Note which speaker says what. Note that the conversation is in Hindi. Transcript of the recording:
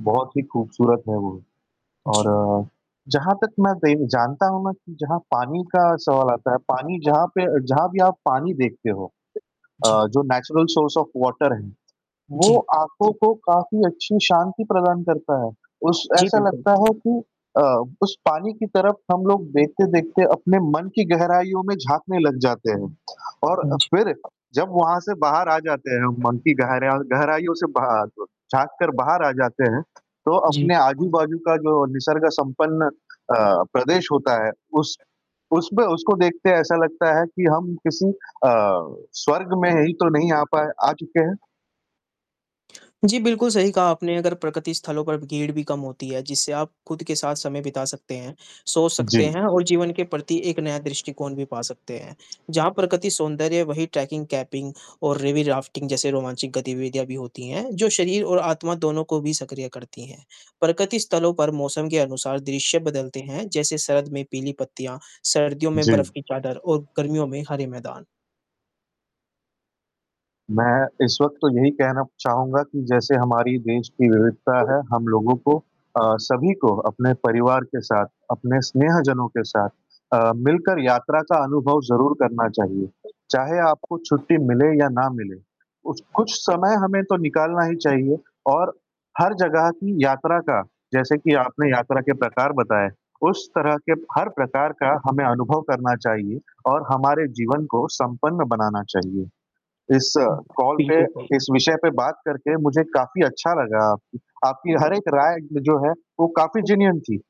Speaker 1: बहुत ही खूबसूरत है वो,
Speaker 2: जी।
Speaker 1: और जहाँ तक मैं बेन जानता हूँ ना कि जहाँ पानी का सवाल आता है, पानी जहाँ पे अ, जहाँ भी आप पानी
Speaker 2: हाँ।
Speaker 1: देखते हो। अ,
Speaker 2: जी।
Speaker 1: जो नेचुरल सोर्स ऑफ़ वाटर है। वो
Speaker 2: जी।
Speaker 1: आँखों को काफ़ी अच्छी शांति प्रदान करता है उस
Speaker 2: जी,
Speaker 1: ऐसा
Speaker 2: बिल्कुल।
Speaker 1: लगता है कि अ, उस पानी की तरफ़ हम लोग देखते-देखते अपने मन की गहराइयों में झाँकने लग जाते हैं और
Speaker 2: हाँ
Speaker 1: अ,
Speaker 2: जी।
Speaker 1: फ़िर जब वहाँ से बाहर आ जाते हैं हम। मन की गहरेया गहराइयों से बाहर आ जव झाँककर बाहर आ जाते हैं। तो
Speaker 2: जी।
Speaker 1: अपने आजू-बाजू का जो निसर्ग-संपन्न अ, प्रदेश होता है उस उसमें उसको देखते ऐसा लगता है कि हम किसी अ, स्वर्ग में ही तो नहीं आ पाए आ चुके हैं।
Speaker 2: जी, बिल्कुल सही कहा आपने अगर प्रकृति स्थलों पर ब भीड़ भी कम होती है। जिससे आप ख़ुद के साथ समय बिता सकते हैं, सोच सकते
Speaker 1: जी।
Speaker 2: हैं और जीवन के प्रति एक नया दृष्टिकोण भी पा सकते हैं। जहाँ प्रकृति सौंदर्य है वही ट्रैकिंग, केपिंग और रिवी राफ्टिंग जैसे रोमांचक गतिविधियाँ भी होती हैं जो शरीर और आत्मा दोनों को भी सक्रिय करती हैं। प्रकृति स्थलों पर मौसम के अनुसार दृश्य बदलते हैं जैसे सर्द में पीली पत्तियाँ, सर्दियों में
Speaker 1: जी।
Speaker 2: बर्फ की चादर और गर्मियों में हरे मैदान।
Speaker 1: मैं इस वक़्त तो यही कहना चाहूँगा कि जैसे हमारी देश की विविधता है हम लोगों को अ, सभी को अपने परिवार के साथ, अपने स्नेहजनों के साथ अ, मिलकर यात्रा का अनुभव ज़रूर करना चाहिए। चाहे आपको छुट्टी मिले या ना मिले उच कुछ समय हमें तो निकालना ही चाहिए और हर जगह की यात्रा का, जैसे कि आपने यात्रा के प्रकार बताए, उस तरह के हर प्रकार का हमें अनुभव करना चाहिए और हमारे जीवन को संपन्न बनाना चाहिए। इस
Speaker 2: हुँ।
Speaker 1: कॉल पे
Speaker 2: बिल्कुल सही।
Speaker 1: इस विषय पे बात करके मुझे काफ़ी अच्छा लगा आपकी आपकी हर एक राय जो है वो काफ़ी जिनियन थी।